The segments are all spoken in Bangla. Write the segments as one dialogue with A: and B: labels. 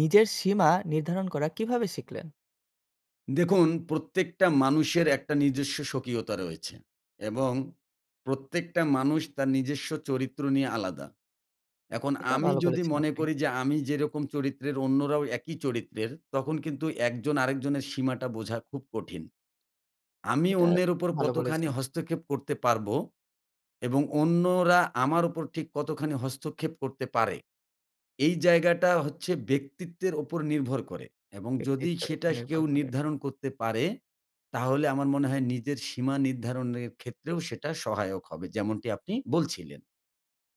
A: নিজের সীমা নির্ধারণ করা কীভাবে শিখলেন?
B: দেখুন প্রত্যেকটা মানুষের একটা নিজস্ব স্বকীয়তা রয়েছে এবং প্রত্যেকটা মানুষ তার নিজস্ব চরিত্র নিয়ে আলাদা। এখন
A: এটা
B: আমি
A: ভালো
B: যদি
A: বলেছেন
B: মনে
A: আপনি।
B: করি যে আমি যেরকম চরিত্রের, অন্যরাও একই চরিত্রের। তখন কিন্তু একজন আরেকজনের সীমাটা বোঝা খুব কঠিন। আমি
A: এটা
B: অন্যের উপর
A: ভালো
B: কতখানি
A: বলেছেন।
B: হস্তক্ষেপ করতে পারবো এবং অন্যরা আমার উপর ঠিক কতখানি হস্তক্ষেপ করতে পারে, এই জায়গাটা হচ্ছে ব্যক্তিত্বের ওপর নির্ভর করে। এবং যদি
A: ব্যক্তিত্বের উপর
B: সেটা স
A: নির্ভর
B: কেউ
A: করে।
B: নির্ধারণ করতে পারে, তাহলে আমার মনে হয় নিজের সীমা নির্ধারণের ক্ষেত্রেও সেটা সহায়ক হবে। যেমনটি আপনি বলছিলেন।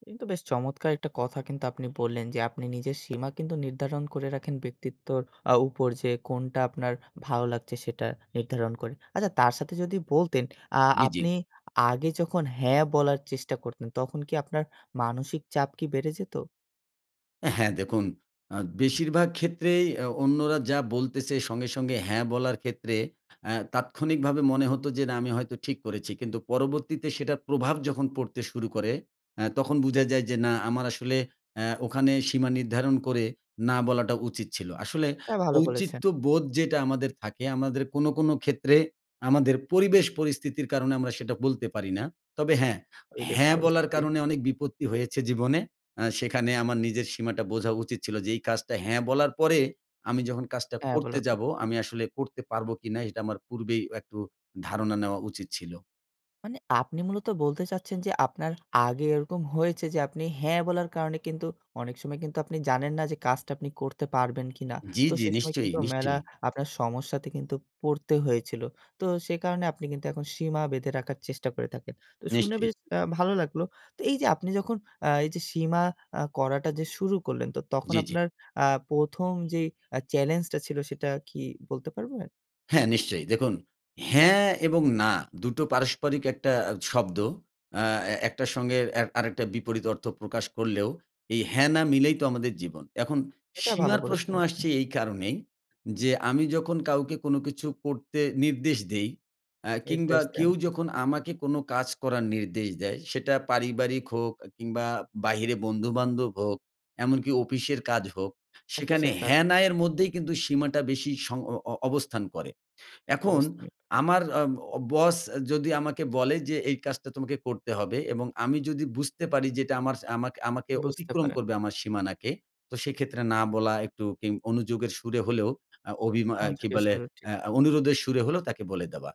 A: কিন্তু বেশ চমৎকার একটা কথা কিন্তু আপনি বললেন যে আপনি নিজের সীমা কিন্তু নির্ধারণ করে রাখেন ব্যক্তিত্বর আ উপর। যে কোনটা আপনার ভালো লাগছে সেটা নির্ধারণ করে। আচ্ছা, তার সাথে যদি বলতেন আ
B: জি, জি।
A: আপনি আগে যখন হ্যাঁ বলার চেষ্টা করতেন তখন কি আপনার মানসিক চাপ কি বেড়ে যেতো?
B: এ হ্যাঁ। দেখুন আ বেশিরভাগ ক্ষেত্রেই অ্যা অন্যরা যা বলতেছে, সঙ্গে, সঙ্গে হ্যাঁ বলার ক্ষেত্রে অ্যা তাৎক্ষণিকভাবে মনে হতো যে, "না, আমি হয়তো ঠিক করেছি।" কিন্তু পরবর্তীতে সেটার প্রভাব যখন পড়তে শুরু করে, অ্যা তখন বুঝা যায় যে, "না, আমার আসলে অ্যা ওখানে সীমা নির্ধারণ করে 'না' বলাটা উচিত ছিলো।" আসলে
A: অ্যা ভালো বলেছেন।
B: ঔচিত্যবোধ যেটা আমাদের থাকে, আমাদের কোনো, কোনো ক্ষেত্রে আমাদের পরিবেশ পরিস্থিতির কারণে আমরা সেটা বলতে পারি না। তবে হ্যাঁ,
A: পরিবেশ
B: 'হ্যাঁ' বলার
A: পরিস্থিতি।
B: কারণে অনেক বিপত্তি হয়েছে জীবনে। আ সেখানে আমার নিজের সীমাটা বোঝা উচিত ছিলো যে, "এই কাজটা 'হ্যাঁ' বলার পরে আমি যখন কাজটা
A: 'হ্যাঁ'
B: করতে
A: বলার পর
B: যাবো,
A: থেকে।
B: আমি আসলে করতে পারবো কিনা?" এটা আমার পূর্বেই অ একটু ধারণা নেওয়া উচিত ছিলো।
A: মানে আপনি মূলত বলতে চাচ্ছেন যে আপনার আগে এরকম হয়েছে যে আপনি হ্যাঁ বলার কারণে কিন্তু অনেক সময় কিন্তু আপনি জানেন না যে কাজটা আপনি করতে পারবেন কিনা।
B: জি,
A: তো
B: জি।
A: সেই সময়
B: নিশ্চয়ই,
A: কিন্তু মেলা
B: নিশ্চয়ই।
A: আপনার সমস্যাতে কিন্তু পড়তে হয়েছিল। তো সে কারণে আপনি কিন্তু এখন সীমা বেঁধে রাখার চেষ্টা করে থাকেন। তো শুনে
B: নিশ্চয়ই।
A: বেশ আ ভালো লাগলো। তো এইযে আপনি যখন আ এইযে সীমা আ করাটা যে শুরু করলেন, তো তখন
B: জি, জি।
A: আপনার আ ১ম যেই আ চ্যালেঞ্জটা ছিল সেটা কি বলতে পারবেন?
B: হ্যাঁ, নিশ্চয়ই। দেখুন, হ্যাঁ এবং না দুটো পারস্পরিক একটা অ্যা শব্দ। আ এ একটার সঙ্গে এ আরেকটা বিপরীত অর্থ প্রকাশ করলেও, এই হ্যাঁ, না মিলেই তো আমাদের জীবন। এখন
A: এটা ভালো
B: সীমার প্রশ্ন
A: বলেছেন আপনি।
B: আসছে এই কারণেই, যে আমি যখন কাউকে কোনো কিছু করতে নির্দেশ দেই, অ্যা কিংবা
A: নির্দেশ দেন।
B: কেউ
A: জি।
B: যখন আমাকে কোনো কাজ করার নির্দেশ দেয়, সেটা পারিবারিক হোক এ কিংবা বাহিরে বন্ধুবান্ধব হোক, এমনকি অফিসের কাজ হোক, সেখানে
A: অফিসের কাজ।
B: হ্যা-না এর মধ্যেই কিন্তু সীমাটা বেশি সং অ অ অবস্থান করে। এখন
A: অবস্থান।
B: আমার আ ও বস যদি আমাকে বলে যে এই কাজটা তোমাকে করতে হবে এবং আমি যদি বুঝতে পারি যে এটা আমার, আমাক আমাকে
A: বুঝতে
B: অতিক্রম
A: পারেন।
B: করবে আমার সীমানাকে, তো সেইক্ষেত্রে না বলা একটু কিন অনুযোগের সুরে হলেও, আ অভিমা আ কি
A: অনুযোগের
B: বলে,
A: সুরে ঠিক।
B: আ অনুরোধের সুরে হলেও তাকে বলে দেওয়া।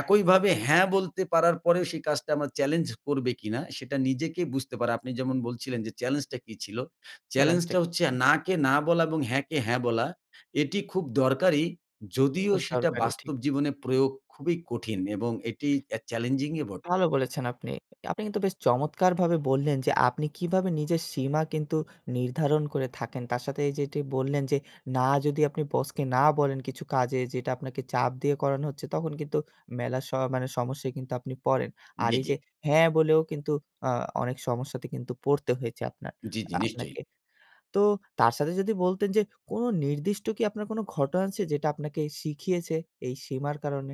B: একইভাবে হ্যাঁ বলতে পারার পরেও সেই কাজটা আমরা চ্যালেঞ্জ করবে কিনা, সেটা নিজেকেই বুঝতে পারা। আপনি যেমন বলছিলেন যে চ্যালেঞ্জটা কি ছিল?
A: চ্যালেঞ্জটা
B: চ্যালেঞ্জটা
A: কি
B: হচ্ছে,
A: ছিল।
B: "না কে না বলা এবং হ্যাঁ কে হ্যাঁ বলা।" এটি খুব দরকারি। যদিও
A: খুব
B: সেটা
A: দরকারি। ঠিক।
B: বাস্তব জীবনে প্রয়োগ খুবই কঠিন এবং এটি অ্যা challenging ই বটে।
A: ভালো বলেছেন আপনি। আপনি কিন্তু বেশ চমৎকারভাবে বললেন যে আপনি কিভাবে নিজের সীমা কিন্তু নির্ধারণ করে থাকেন। তার সাথে এইযে এটি বললেন যে, না যদি আপনি বসকে না বলেন কিছু কাজে যেটা আপনাকে চাপ দিয়ে করানো হচ্ছে, তখন কিন্তু মেলা স মানে সমস্যায় কিন্তু আপনি পড়েন। আর
B: জি,
A: এই
B: জি।
A: যে হ্যাঁ বলেও কিন্তু আ অনেক সমস্যাতে কিন্তু পড়তে হয়েছে আপনার,
B: জি, জি।
A: আ
B: নিশ্চয়ই।
A: আপনাকে। তো তার সাথে যদি বলতেন যে কোনো নির্দিষ্ট কি আপনার কোনো ঘটনা আছে যেটা আপনাকে শিখিয়েছে এই সীমার কারণে?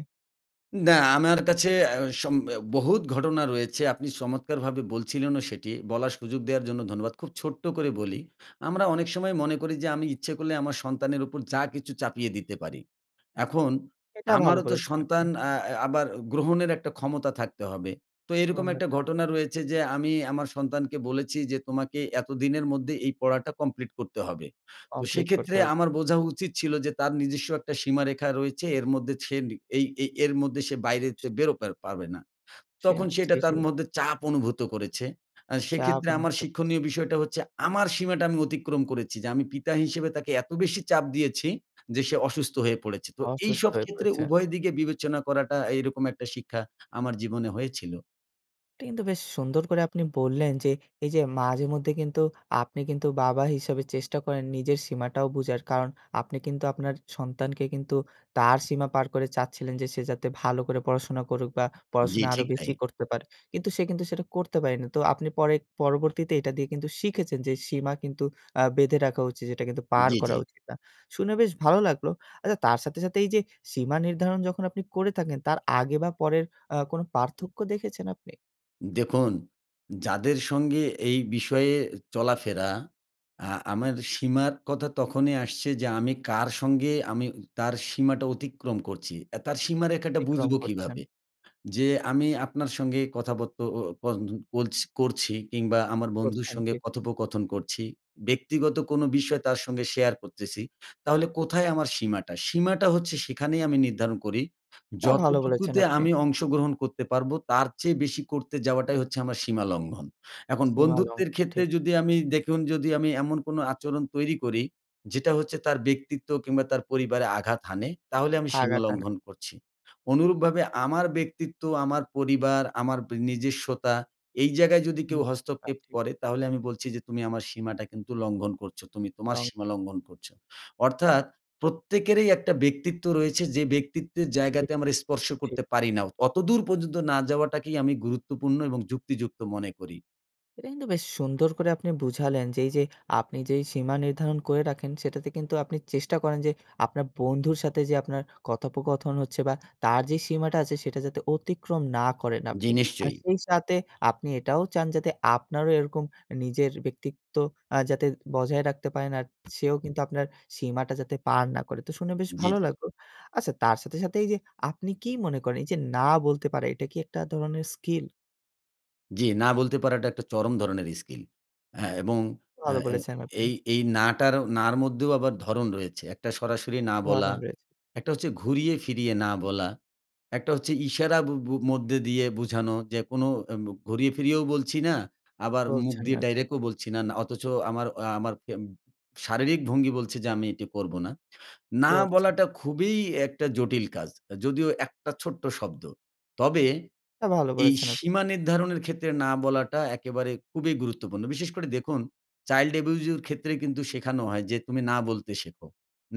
B: না, আমার কাছে আ সম অ বহুত ঘটনা রয়েছে আপনি চমৎকারভাবে বলছিলেনও সেটি। বলার সুযোগ দেওয়ার জন্য ধন্যবাদ। খুব ছোট্ট করে বলি। আমরা অনেক সময় মনে করি যে আমি ইচ্ছে করলে আমার সন্তানের উপর যা কিছু চাপিয়ে দিতে পারি। এখন
A: এটা ভালো
B: আমারও তো
A: বলেছেন আপনি।
B: সন্তান আ আ এ আবার গ্রহণের একটা ক্ষমতা থাকতে হবে। তো এইরকম
A: গ্রহণের
B: একটা
A: থাকতে হবে।
B: ঘটনা রয়েছে যে আমি আমার সন্তানকে বলেছি যে তোমাকে এতদিনের মধ্যে এই পড়াটা complete করতে হবে। তো
A: complete করতে
B: সেক্ষেত্রে
A: হবে।
B: আমার বোঝা উচিত ছিল যে তার নিজস্ব একটা সীমারেখা রয়েছে এর মধ্যে সে নি এই এই এর মধ্যে সে বাইরে সে বেরোতে পা পারবে না।
A: সে
B: তখন সে
A: অনেকটাই
B: এটা তার
A: ঠিক।
B: মধ্যে চাপ অনুভূত করেছে। আ
A: চাপ
B: সেক্ষেত্রে আমার
A: অনুভূত করেছে।
B: শিক্ষণীয় বিষয়টা হচ্ছে আমার সীমাটা আমি অতিক্রম করেছি যে, আমি পিতা হিসেবে তাকে এত বেশি চাপ দিয়েছি, যে সে অসুস্থ হয়ে পড়েছে। তো
A: অসুস্থ
B: এইসব
A: হয়ে
B: ক্ষেত্রে
A: পড়েছে।
B: উভয় দিকে বিবেচনা করাটা এইরকম একটা শিক্ষা আমার জীবনে হয়েছিল।
A: এটা কিন্তু বেশ সুন্দর করে আপনি বললেন যে এই যে মাঝে মধ্যে কিন্তু আপনি কিন্তু বাবা হিসেবে চেষ্টা করেন নিজের সীমাটাও বুঝার। কারণ আপনি কিন্তু আপনার সন্তানকে কিন্তু তার সীমা পার করে চাচ্ছিলেন যে সে যাতে ভালো করে পড়াশোনা করুক বা
B: জি,
A: পড়াশোনা আরো
B: ঠিক
A: বেশি
B: তাই।
A: করতে পারে। কিন্তু সে কিন্তু সেটা করতে পারে নি। তো আপনি পরে পরবর্তীতে এটা দিয়ে কিন্তু শিখেছেন যে সীমা কিন্তু আ বেঁধে রাখা উচিত। যেটা কিন্তু পার
B: জি, জি।
A: করা উচিত না। শুনে বেশ ভালো লাগলো। আচ্ছা তার সাথে, সাথে এই যে সীমা নির্ধারণ যখন আপনি করে থাকেন তার আগে বা পরের অ্যা কোন পার্থক্য দেখেছেন আপনি?
B: দেখুন, যাদের সঙ্গে এই বিষয়ে চলাফেরা। আ আমার সীমার কথা তখনই আসছে যে আমি কার সঙ্গে উ আমি তার সীমাটা অতিক্রম করছি। অ্যা তার সীমারেখাটা
A: অতিক্রম
B: বুঝবো
A: করছেন।
B: কীভাবে? যে আমি আপনার সঙ্গে কথা বত্ত ও পন্দ বলছ করছি কিংবা আমার বন্ধুর
A: করছেন
B: সঙ্গে
A: ঠিক।
B: কথোপকথন করছি। ব্যক্তিগত কোনো বিষয় তার সঙ্গে শেয়ার করতেছি। তাহলে কোথায় আমার সীমাটা? সীমাটা হচ্ছে সেখানেই আমি নির্ধারণ করি।
A: এটা ভাল বলেছেন
B: যতটুকুতে
A: আপনি।
B: আমি অংশগ্রহণ করতে পারবো তার চেয়ে বেশি করতে যাওয়াটাই হচ্ছে আমার সীমালঙ্ঘন। এখন
A: সীমা লঙ্ঘন
B: বন্ধুত্বের ক্ষেত্রে
A: ঠিক।
B: যদি আমি দেখুন যদি আমি এমন কোনো আচরণ তৈরি করি, যেটা হচ্ছে তার ব্যক্তিত্ব কিংবা তার পরিবারে আঘাত হানে, তাহলে আমি সীমা
A: আঘাত হানা।
B: লঙ্ঘন করছি। অনুরূপভাবে আমার ব্যক্তিত্ব আমার পরিবার আমার বি নিজেস্বতা, এই জায়গায় যদি কেউ
A: [unintelligible]
B: হস্তক্ষেপ
A: ঠিক।
B: করে তাহলে আমি বলছি যে, "তুমি আমার সীমাটা কিন্তু লঙ্ঘন করছো, তুমি তোমার
A: তং
B: সীমালঙ্ঘন করছো।" অর্থাৎ প্রত্যেকেরই একটা ব্যক্তিত্ব রয়েছে যে ব্যক্তিত্বের
A: ব্য
B: জায়গাতে
A: [unintelligible]
B: আমরা স্পর্শ
A: ঠিক।
B: করতে পারি না। অতদূর পর্যন্ত না যাওয়াটাকেই আমি গুরুত্বপূর্ণ এবং যুক্তিযুক্ত মনে করি।
A: এটা কিন্তু বেশ সুন্দর করে আপনি বুঝালেন যে এইযে আপনি যেই সীমা নির্ধারণ করে রাখেন সেটাতে কিন্তু আপনি চেষ্টা করেন যে আপনার বন্ধুর সাথে যে আপনার কথোপকথন হচ্ছে বা তার যে সীমাটা আছে সেটা যাতে অতিক্রম না করেন
B: জি,
A: আপনি। আর
B: নিশ্চয়।
A: সেই সাথে আপনি এটাও চান যাতে আপনারও এরকম এ নিজের ব্যক্তিত্ব আ যাতে বজায় রাখতে পারেন আর সেও কিন্তু আপনার সীমাটা যাতে পার না করে। তো শুনে বেশ
B: জি,
A: ভালো
B: জি।
A: লাগলো। আচ্ছা তার সাথে, সাথে এইযে আপনি কি মনে করেন? এইযে না বলতে পারা, এটা কি একটা ধরনের স্কিল?
B: জি, না বলতে পারাটা একটা চরম ধরনের স্কিল। অ্যা এবং অ্যা
A: ভালো
B: অ্যা
A: বলেছেন আপনি।
B: এই এই না টার, না'র মধ্যেও আবার ধরন রয়েছে, একটা সরাসরি না বলা,
A: ধরন রয়েছে।
B: একটা হচ্ছে ঘুরিয়ে ফিরিয়ে না বলা, একটা হচ্ছে ইশারা বু বু মধ্যে দিয়ে বোঝানো যে কোনো অ্যা ঘুরিয়ে ফিরিয়েও বলছি না আবার মুখ
A: বলছেন
B: দিয়ে
A: না ঠিক।
B: ডাইরেক্টও বলছি না, না। অথচ আমার অ আমার ফেম শারীরিক ভঙ্গি বলছে যে আমি এটি করব না। না
A: করছে
B: বলাটা খুবই একটা জটিল কাজ। এ যদিও একটা ছোট্ট শব্দ। তবে
A: তা ভালো
B: এই
A: বলেছেন আপনি।
B: সীমা নির্ধারণের ক্ষেত্রে না বলাটা একেবারে খুবই গুরুত্বপূর্ণ। বিশেষ করে দেখুন চাইল্ড অ্যাবিউজ এর ক্ষেত্রে কিন্তু শেখানো হয় যে, "তুমি না বলতে শেখো।"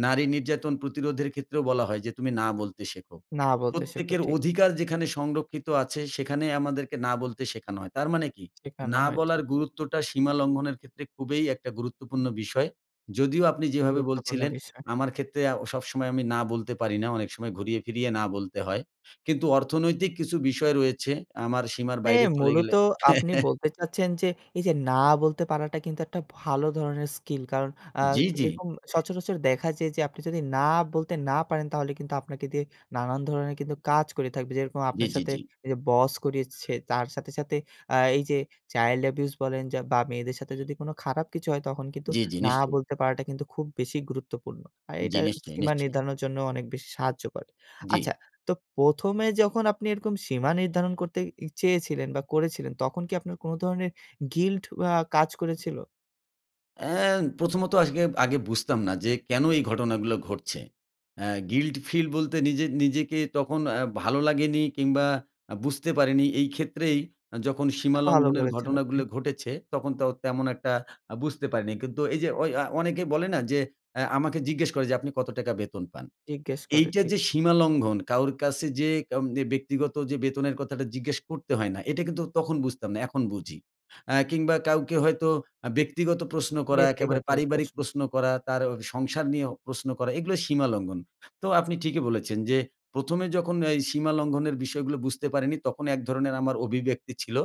B: নারী নির্যাতন প্রতিরোধের ক্ষেত্রেও বলা হয় যে, "তুমি না বলতে শেখো।"
A: না বলতে শেখো
B: প্রত্যেকের
A: ঠিক।
B: অধিকার যেখানে সংরক্ষিত আছে সেখানে আমাদেরকে না বলতে শেখানো হয়। তার মানে কি?
A: শেখানো
B: না
A: হয় ঠিক।
B: বলার গুরুত্বটা সীমা লঙ্ঘনের ক্ষেত্রে খুবই একটা গুরুত্বপূর্ণ বিষয়। যদিও আপনি যেভাবে
A: গুরুত্বপূর্ণ
B: বলছিলেন
A: বিষয়।
B: আমার ক্ষেত্রে আ সবসময় আমি না বলতে পারি না। অনেক সময় ঘুরিয়ে ফিরিয়ে না বলতে হয়। কিন্তু অর্থনৈতিক কিছু বিষয় রয়েছে আমার সীমার
A: মানে
B: বাইরে চলে
A: মূলত
B: গেলে
A: আপনি বলতে চাচ্ছেন যে এইযে না বলতে পারাটা কিন্তু একটা ভালো ধরনের স্কিল। কারণ আ
B: জি, জি।
A: এরকম সচরাচর দেখা যায় যে আপনি যদি না বলতে না পারেন তাহলে কিন্তু আপনাকে দিয়ে নানান ধরনের কিন্তু কাজ করিয়ে থাকবে। যেরকম
B: জি,
A: আপনার
B: জি,
A: সাথে
B: জি।
A: এইযে বস করিয়েছে, তার সাথে, সাথে আ এইযে চাইল্ড অ্যাবিউজ বলেন যা বা মেয়েদের সাথে যদি কোনো খারাপ কিছু হয় তখন কিন্তু
B: জি, জি
A: না
B: নিশ্চয়ই।
A: বলতে পারাটা কিন্তু খুব বেশি গুরুত্বপূর্ণ। আর
B: জি,
A: এইটা
B: নিশ্চয়ই,
A: সীমা
B: নিশ্চয়ই।
A: নির্ধারণের জন্যও অনেক বেশি সাহায্য করে।
B: জি।
A: আচ্ছা তো ১ম এ যখন আপনি এরকম সীমা নির্ধারণ করতে ই চেয়েছিলেন বা করেছিলেন তখন কি আপনার কোনো ধরনের গিল্ট আ কাজ করেছিল?
B: অ্যা প্রথমত আজকে আগে বুঝতাম না যে কেন এই ঘটনাগুলো ঘটছে। অ্যা guilty feel বলতে নিজ নিজেকে তখন অ্যা ভালো লাগেনি কিংবা আ বুঝতে পারিনি এই ক্ষেত্রেই যখন
A: এটা
B: সীমা
A: ভালো
B: লঙ্ঘনের
A: বলেছেন আপনি।
B: ঘটনাগুলো ঘটেছে, তখন তো তেমন একটা আ বুঝতে পারিনি। কিন্তু এইযে ঐ আ অনেকেই বলে না যে আ আমাকে জিজ্ঞেস করে যে, "আপনি কত টাকা বেতন পান?"
A: জিজ্ঞেস করে,
B: এইটা
A: ঠিক।
B: যে সীমা লঙ্ঘন, কারো কাছে যে কন এ ব্যক্তিগত যে বেতনের কথাটা জিজ্ঞেস করতে হয় না, এটা কিন্তু তখন বুঝতাম না, এখন বুঝি। অ্যা কিংবা কাউকে হয়তো আ ব্যক্তিগত প্রশ্ন করা, একেবারে
A: ব্যক্তিগত
B: পারিবারিক
A: প্রশ্ন।
B: প্রশ্ন করা, তার সংসার নিয়েও প্রশ্ন করা, এগুলো সীমা লঙ্ঘন। তো আপনি ঠিকই বলেছেন। যে ১ম এ যখন এই সীমা লঙ্ঘনের বিষয়গুলো বুঝতে পারিনি, তখন এক ধরনের আমার অভিব্যক্তি ছিল।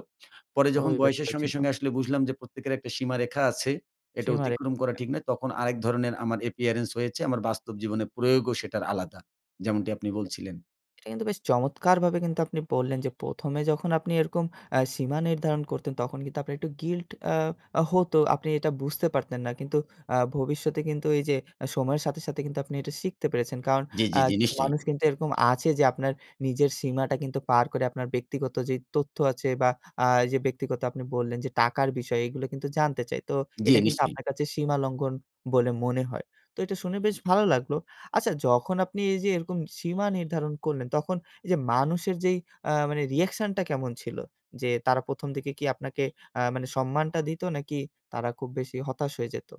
B: পরে
A: ঐ
B: যখন বয়সের
A: ব্যক্তিও
B: সঙ্গে,
A: ছিল।
B: সঙ্গে আসলে বুঝলাম যে প্রত্যেকের একটা সীমারেখা আছে, এটা
A: সীমারেখা।
B: অতিক্রম করা ঠিক না, তখন আরেক ধরনের আমার appearance হয়েছে, আমার বাস্তব জীবনে প্রয়োগও সেটার আলাদা। যেমনটি আপনি বলছিলেন।
A: এটা কিন্তু বেশ চমৎকারভাবে কিন্তু আপনি বললেন যে ১ম এ যখন আপনি এরকম অ্যা সীমা নির্ধারণ করতেন তখন কিন্তু আপনার একটু guilt আ অ হতো। তো আপনি এটা বুঝতে পারতেন না। কিন্তু আ ভবিষ্যতে কিন্তু এই যে আ সময়ের সাথে, সাথে কিন্তু আপনি এটা শিখতে পেরেছেন। কারণ
B: জি,
A: আ
B: জি, জি,
A: কিছু
B: নিশ্চয়ই।
A: মানুষ কিন্তু এরকম আছে যে আপনার নিজের সীমাটা কিন্তু পার করে আপনার ব্যক্তিগত যেই তথ্য আছে বা আ এইযে ব্যক্তিগত আপনি বললেন যে টাকার বিষয়, এগুলো কিন্তু জানতে চায়। তো
B: জি,
A: এটা কিন্তু
B: নিশ্চয়ই।
A: আপনার কাছে সীমা লঙ্ঘন বলে মনে হয়। তো এটা শুনে বেশ ভালো লাগলো। আচ্ছা যখন আপনি এই যে এরকম সীমা নির্ধারণ করলেন, তখন এই এইযে মানুষের যেই আ মানে reaction টা কেমন ছিল? যে তারা ১ম দিকে কি আপনাকে আ মানে সম্মানটা দিতো নাকি তারা খুব বেশি হতাশ হয়ে যাইতো?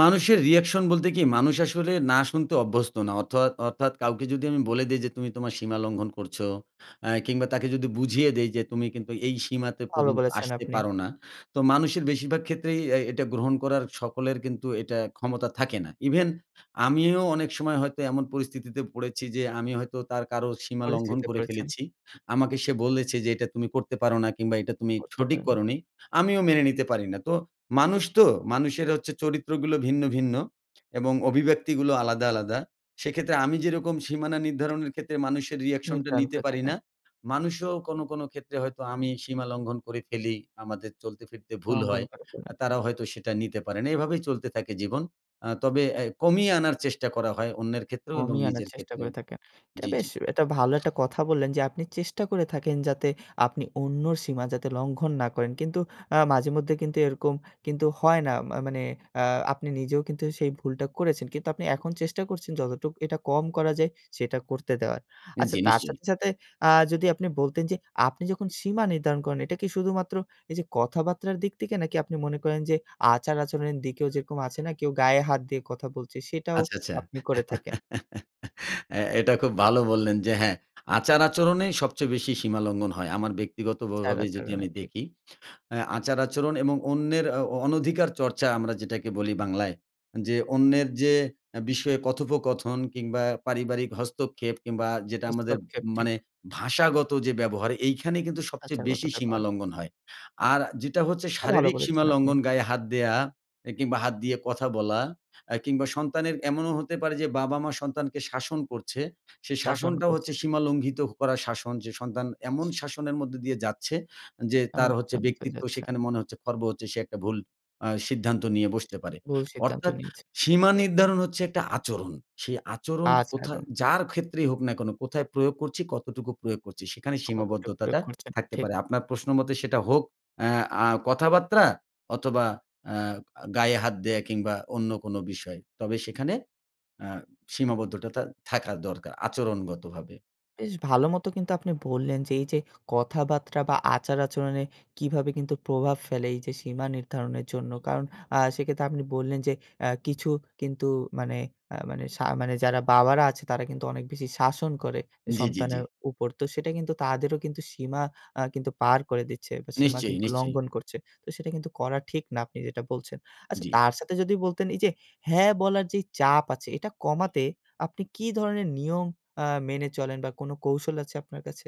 B: মানুষের রিয়েকশন বলতে কি? মানুষ আসলে 'না' শুনতে অভ্যস্ত না। অথোয়াত অর্থাৎ কাউকে যদি আমি বলে দেই যে তুমি তোমার সীমা লঙ্ঘন করছো, অ্যা কিংবা তাকে যদি বুঝিয়ে দেই যে তুমি কিন্তু এই সীমাতে
A: ভাল
B: পর্যন্ত
A: বলেছেন
B: আসতে
A: আপনি।
B: পারো না, তো মানুষের বেশিরভাগ ক্ষেত্রেই এই এটা গ্রহণ করার সকলের কিন্তু এটা ক্ষমতা থাকে না। ইভেন আমিও অনেক সময় হয়তো এমন পরিস্থিতিতে পড়েছি যে আমি হয়তো তার কারো সীমা লঙ্ঘন
A: পরিস্থিতিতে
B: করে
A: পড়েছেন।
B: ফেলেছি। আমাকে সে বলেছে যে এটা তুমি করতে পারো না কিংবা এটা তুমি
A: করতে
B: সঠিক
A: পারে না।
B: করোনি। আমিও মেনে নিতে পারি না। তো মানুষ তো! মানুষের হচ্ছে চরিত্রগুলো ভিন্ন, ভিন্ন এবং অভিব্যক্তিগুলো আলাদা, আলাদা। সেইক্ষেত্রে আমি যেইরকম সীমানা নির্ধারণের ক্ষেত্রে মানুষের রিয়েকশনটা
A: নির্ধারণ
B: নিতে
A: করে
B: পারি
A: থাকেন।
B: না, মানুষও কোনো, কোনো ক্ষেত্রে হয়তো আমি সীমা লঙ্ঘন করে ফেলি আমাদের চলতে ফিরতে ভুল
A: লঙ্ঘন
B: হয়।
A: করে
B: আ
A: ফেলে।
B: তারাও হয়তো সেটা নিতে পারে না। এভাবেই চলতে থাকে জীবন। আ তবে অ্যা কমিয়ে আনার চেষ্টা করা হয় অন্যের ক্ষেত্রেও এবং
A: কমিয়ে আনার
B: নিজের
A: চেষ্টা
B: ক্ষেত্রেও।
A: করে থাকেন। এটা
B: জি,
A: বেশ
B: জি।
A: এটা ভালো একটা কথা বললেন যে আপনি চেষ্টা করে থাকেন যাতে আপনি অন্যর সীমা যাতে লঙ্ঘন না করেন। কিন্তু আ মাঝেমধ্যে কিন্তু এইরকম কিন্তু হয় না। মা মানে আ আপনি নিজেও কিন্তু সেই ভুলটা করেছেন। কিন্তু আপনি এখন চেষ্টা করছেন যতটুক এটা কম করা যায় সেটা করতে দেওয়ার।
B: অ্যা
A: আচ্ছা
B: জি
A: তার
B: নিশ্চয়ই।
A: সাথে, সাথে আ যদি আপনি বলতেন যে আপনি যখন সীমা নির্ধারণ করেন এটা কি শুধুমাত্র এইযে কথাবার্তার দিক থেকে নাকি আপনি মনে করেন যে আচার-আচরণের দিকেও যেইরকম আছে না কেউ গায়ে হাত দিয়ে কথা বলছে সেটাও
B: আচ্ছা, আচ্ছা।
A: আপনি করে থাকেন?
B: অ্যা এটা খুব ভালো বললেন যে, "হ্যাঁ, আচার-আচরণেই সবচেয়ে বেশি সীমালঙ্ঘন হয়।" আমার ব্যক্তিগত ভ ভাবেই যদি
A: আচার-আচরণে।
B: আমি
A: ঠিক।
B: দেখি। অ্যা আচার-আচরণ এবং অন্যের আ অ অনধিকার চর্চা আমরা যেটাকে বলি বাংলায়, যে অন্যের যে অ্যা বিষয়ে কথোপকথন কিংবা পারিবারিক হস্তক্ষেপ কিংবা যেটা আমাদের ম
A: হস্তক্ষেপ ঠিক।
B: মানে ভাষাগত যে ব্যবহার এইখানেই কিন্তু সবচেয়ে
A: ভাষাগত
B: বেশি
A: ব্যবহার।
B: সীমালঙ্ঘন হয়। আর যেটা হচ্ছে
A: এটা ভালো
B: শারীরিক
A: বলেছেন আপনি।
B: সীমালঙ্ঘন। গায়ে হাত দেয়া, এ কিংবা হাত দিয়ে কথা বলা, আ কিংবা সন্তানের এমনও হতে পারে যে বাবা-মা সন্তানকে শাসন করছে, সেই
A: শাসন
B: শাসনটাও হচ্ছে
A: করছে।
B: সীমা লঙ্ঘিত করা শাসন। যে সন্তান এমন শাসনের মধ্যে দিয়ে যাচ্ছে যে
A: এমন
B: তার হচ্ছে
A: শাসনের ভিতরে
B: ব্যক্তিত্ব
A: যাচ্ছে।
B: সেখানে মনে হচ্ছে খর্ব হচ্ছে। সে একটা ভুল আ সিদ্ধান্ত নিয়ে বসতে পারে।
A: ভুল সিদ্ধান্ত
B: অর্থাৎ
A: নিয়েছে।
B: সীমা নির্ধারণ হচ্ছে একটা আচরণ। সেই আচরণ কোথা
A: আচরণ।
B: যার ক্ষেত্রেই হোক না কেনো, কোথায় প্রয়োগ করছি, কতটুকু প্রয়োগ করছি, সেখানে
A: কতটা প্রয়োগ
B: সীমাবদ্ধতাটা
A: করছেন।
B: থাকতে
A: ঠিক।
B: পারে। আপনার প্রশ্ন মতে সেটা হোক অ্যা আ কথাবার্তা অথবা অ্যা আ গায়ে হাত দেয়া কিংবা অন্য কোনো বিষয়। তবে সেখানে আ সীমাবদ্ধতাটা থাকা দরকার, আচরণগতভাবে।
A: বেশ ভালোমতো কিন্তু আপনি বললেন যে এইযে কথাবার্তা বা আচার আচরণে কিভাবে কিন্তু প্রভাব ফেলে এইযে সীমা নির্ধারণের জন্য। কারণ, আ সেক্ষেত্রে আপনি বললেন যে আ কিছু কিন্তু মানে আ মানে শা মানে যারা বাবারা আছে তারা কিন্তু অনেক বেশি শাসন করে
B: জি, জি, জি।
A: সন্তানের উপর। তো সেটা কিন্তু তাদেরও কিন্তু সীমা আ কিন্তু পার করে দিচ্ছে, বা সীমা
B: নিশ্চয়ই,
A: কিন্তু
B: নিশ্চয়ই।
A: লঙ্ঘন করছে। তো সেটা কিন্তু করা ঠিক না, আপনি যেটা বলছেন। আচ্ছা
B: জি।
A: তার সাথে যদি বলতেন, এইযে হ্যাঁ বলার যে চাপ আছে, এটা কমাতে আপনি কি ধরনের নিয়ম আ মেনে চলেন বা, কোনো কৌশল আছে আপনার কাছে?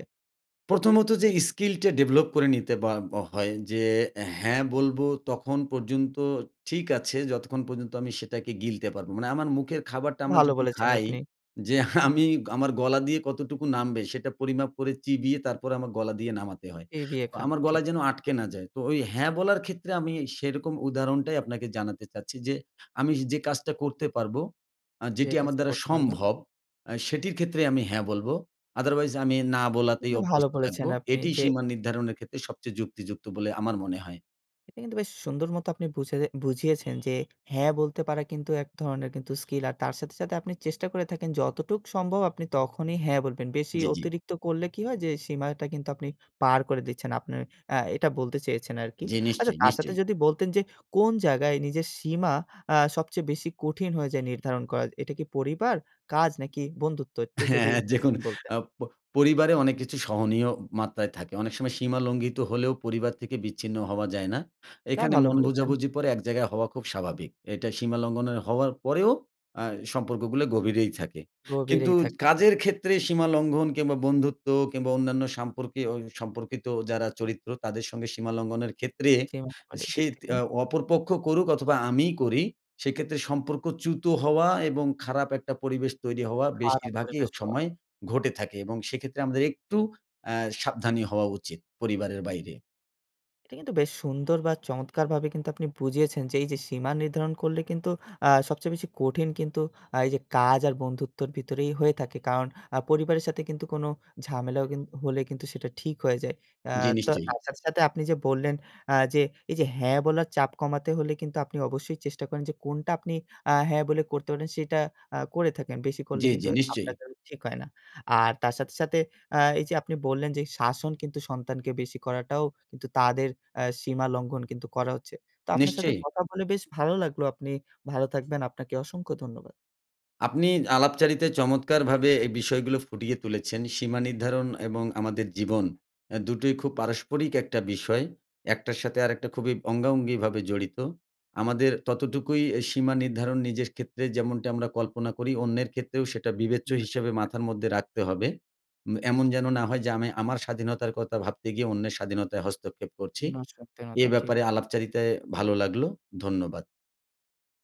B: প্রথমত যে skill টা develop করে নিতে বা ব হয় যে, হ্যাঁ বলবো তখন পর্যন্ত ঠিক আছে, যতক্ষণ পর্যন্ত আমি সেটাকে গিলতে পারবো। মানে আমার মুখের খাবারটা আমরা
A: ভালো
B: যখন
A: বলেছেন
B: খাই,
A: আপনি।
B: যে আমি আমার গলা দিয়ে কতটুকু নামবে, সেটা পরিমাপ করে চিবিয়ে তারপরে আমার গলা দিয়ে নামাতে হয়।
A: ই বিয়ে
B: তো
A: খান।
B: আমার
A: ঠিক।
B: গলায় যেন আটকে না যায়। তো ঐ হ্যাঁ বলার ক্ষেত্রে আমি সেরকম উদাহরণটাই আপনাকে জানাতে চাচ্ছি যে, আমি যে কাজটা করতে পারবো, আ
A: যে
B: যেটি আমার
A: কাজটা
B: দ্বারা
A: করতে পারবে।
B: সম্ভব, আ সেটির ক্ষেত্রে আমি হ্যাঁ বলবো। Otherwise আমি না বলাতেই
A: এটা ভালো
B: অভ্যস্ত
A: বলেছেন
B: থাকবো।
A: আপনি।
B: এটিই
A: যে
B: সীমা নির্ধারণের ক্ষেত্রে সবচেয়ে যুক্তিযুক্ত বলে আমার মনে হয়।
A: এটা কিন্তু বেশ সুন্দরমতো আপনি বুঝে যে বুঝিয়েছেন যে 'হ্যাঁ' বলতে পারা কিন্তু এক ধরনের কিন্তু স্কিল। আর তার সাথে, সাথে আপনি চেষ্টা করে থাকেন যতটুক সম্ভব আপনি তখনই হ্যাঁ বলবেন। বেশি
B: জি, জি।
A: অতিরিক্ত করলে কি হয়? যে সীমাটা কিন্তু আপনি পার করে দিচ্ছেন আপনের। অ্যা এটা বলতে চেয়েছেন আরকি।
B: জি।
A: আচ্ছা,
B: নিশ্চয়ই,
A: তার সাথে
B: নিশ্চয়ই।
A: যদি বলতেন যে কোন জায়গায় নিজের সীমা আ সবচেয়ে বেশি কঠিন হয়ে যায় নির্ধারণ করা? এটা কি পরিবার, কাজ নাকি বন্ধুত্ব একটু
B: হ্যাঁ,
A: যদি
B: অ্যা দেখুন
A: বলতেন?
B: আপ প পরিবারে অনেক কিছু সহনীয় মাত্রায় থাকে। অনেক সময় সীমা লঙ্ঘিত হলেও পরিবার থেকে বিচ্ছিন্ন হওয়া যায় না।
A: এটা
B: এখানে
A: ভালো
B: মন
A: বলেছেন।
B: বোঝাবুঝি পরে এক জায়গায় হওয়া খুব স্বাভাবিক। এটা সীমা লঙ্ঘনের হওয়ার পরেও অ্যা সম্পর্কগুলো গভীরেই থাকে। কিন্তু
A: গভীরেই থাকে ঠিক।
B: কাজের ক্ষেত্রে সীমা লঙ্ঘন কিংবা বন্ধুত্ব কিংবা অন্যান্য সম্পর্কে অই সম্পর্কিত যারা চরিত্র তাদের সঙ্গে সীমা লঙ্ঘনের ক্ষেত্রে
A: সীমা লঙ্ঘনের দিক
B: সেইত
A: থেকে।
B: অ অপরপক্ষ করুক অথবা আমিই করি, সেই ক্ষেত্রে সম্পর্ক চ্যুত হওয়া এবং খারাপ একটা পরিবেশ তৈরি হওয়া
A: খারাপ
B: বেশিরভাগই ও
A: পরিবেশ হওয়া।
B: সময় ঘটে থাকে এবং সেক্ষেত্রে আমাদের একটু অ্যা সাবধানী হওয়া উচিত পরিবারের বাইরে।
A: এটা কিন্তু বেশ সুন্দর বা চমৎকারভাবে কিন্তু আপনি বুঝিয়েছেন যে এইযে সীমা নির্ধারণ করলে কিন্তু আ সবচেয়ে বেশি কঠিন কিন্তু আ এইযে কাজ আর বন্ধুত্বের ভিতরেই হয়ে থাকে। কারণ আ পরিবারের সাথে কিন্তু কোনো ঝামেলাও কিন হলে কিন্তু সেটা ঠিক হয়ে যায়। অ্যা
B: জি,
A: তো
B: নিশ্চয়ই।
A: তার সাথে, সাথে আপনি যে বললেন আ যে এইযে হ্যাঁ বলার চাপ কমাতে হলে কিন্তু আপনি অবশ্যই চেষ্টা করেন যে কোনটা আপনি আ হ্যাঁ বলে করতে পারেন সেটা আ করে থাকেন, বেশি করলে
B: জি,
A: কিন্তু
B: জি।
A: আপনার
B: নিশ্চয়ই।
A: জন্য ঠিক হয় না। আর তার সাথে, সাথে আ এইযে আপনি বললেন যে শাসন কিন্তু সন্তানকে বেশি করাটাও কিন্তু তাদের অ্যা সীমা লঙ্ঘন কিন্তু করা হচ্ছে। তো আপনার সাথে
B: নিশ্চয়ই।
A: কথা বলে বেশ ভালো লাগলো। আপনি ভালো থাকবেন। আপনাকে অসংখ্য ধন্যবাদ।
B: আপনি আলাপচারিতায় চমৎকারভাবে এই বিষয়গুলো ফুটিয়ে তুলেছেন। সীমা নির্ধারণ এবং আমাদের জীবন অ্যা দুটোই খুব পারস্পরিক একটা বিষয়। একটার সাথে আরেকটা খুবই অঙ্গাঅঙ্গিভাবে জড়িত। আমাদের ততটুকুই অ্যা সীমা নির্ধারণ নিজের ক্ষেত্রে যেমনটি আমরা কল্পনা করি অন্যের ক্ষেত্রেও সেটা বিবেচ্য
A: অন্যের
B: হিসাবে
A: ক্ষেত্রে।
B: মাথার মধ্যে রাখতে হবে। উম এমন যেন না হয় যে আমি আমার স্বাধীনতার কথা ভাবতে গিয়ে অন্যের স্বাধীনতায় হস্তক্ষেপ করছি।
A: অন্যের
B: এ
A: স্বাধীনতা ঠিক।
B: ব্যাপারে আলাপচারিতায় ভালো লাগলো, ধন্যবাদ।